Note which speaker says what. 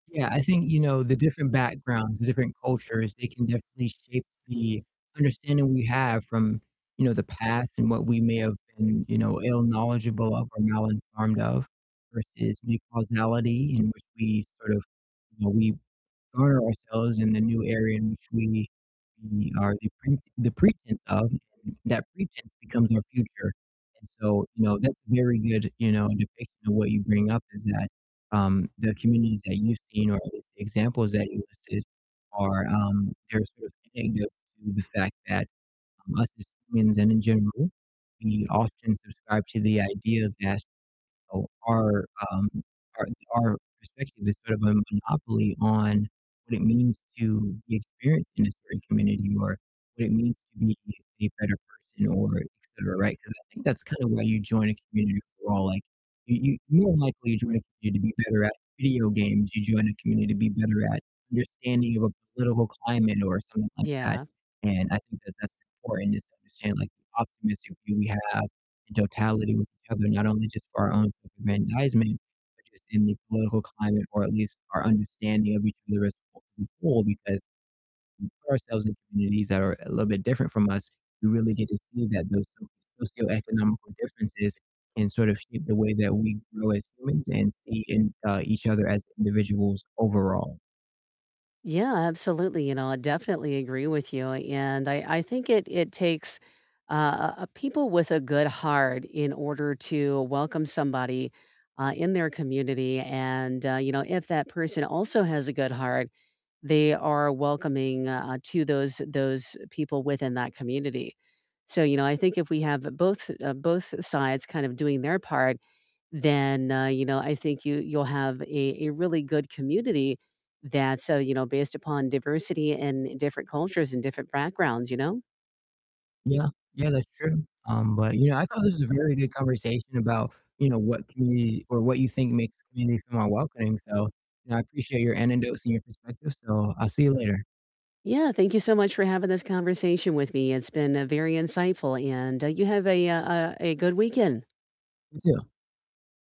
Speaker 1: Yeah, I think, you know, the different backgrounds, the different cultures, they can definitely shape the understanding we have from, you know, the past and what we may have been, you know, ill-knowledgeable of or mal-informed of versus the causality in which we sort of, you know, we guard ourselves in the new area in which we we are the pret the pretense of, and that pretense becomes our future, and so, you know, that's a very good, you know, depiction of what you bring up is that, um, the communities that you've seen or at least the examples that you listed are, um, they're sort of indicative to the fact that, um, us as humans and in general, we often subscribe to the idea that, you know, our, um, our our perspective is sort of a monopoly on what it means to be experienced in a certain community or what it means to be a better person or etcetera, right? 'Cause I think that's kind of why you join a community overall. Like, you you more than likely join a community to be better at video games. You join a community to be better at understanding of a political climate or something like that,
Speaker 2: Yeah.
Speaker 1: and I think that that's important just to understand, like, the optimistic view we have in totality with each other, not only just for our own self-aggrandizement, but just in the political climate or at least our understanding of each other as a whole because when we put ourselves in communities that are a little bit different from us, we really get to see that those socioeconomical differences can sort of shape the way that we grow as humans and see in, uh, each other as individuals overall.
Speaker 2: Yeah, absolutely, you know, I definitely agree with you, and I I think it it takes, uh, uh, people with a good heart in order to welcome somebody, uh, in their community, and, uh, you know, if that person also has a good heart, they are welcoming, uh, to those those people within that community. So, you know, I think if we have both, uh, both sides kind of doing their part, then, uh, you know, I think you, you'll have a a really good community that's, uh, you know, based upon diversity and different cultures and different backgrounds, you know?
Speaker 1: Yeah, yeah, that's true, um, but, you know, I thought this was a very good conversation about, you know, what community or what you think makes a community feel more welcoming, so, you know, I appreciate your anecdotes and your perspective, so I'll see you later.
Speaker 2: Yeah, thank you so much for having this conversation with me, it's been, uh, very insightful, and, uh, you have a, uh, uh, a good weekend.
Speaker 1: You too.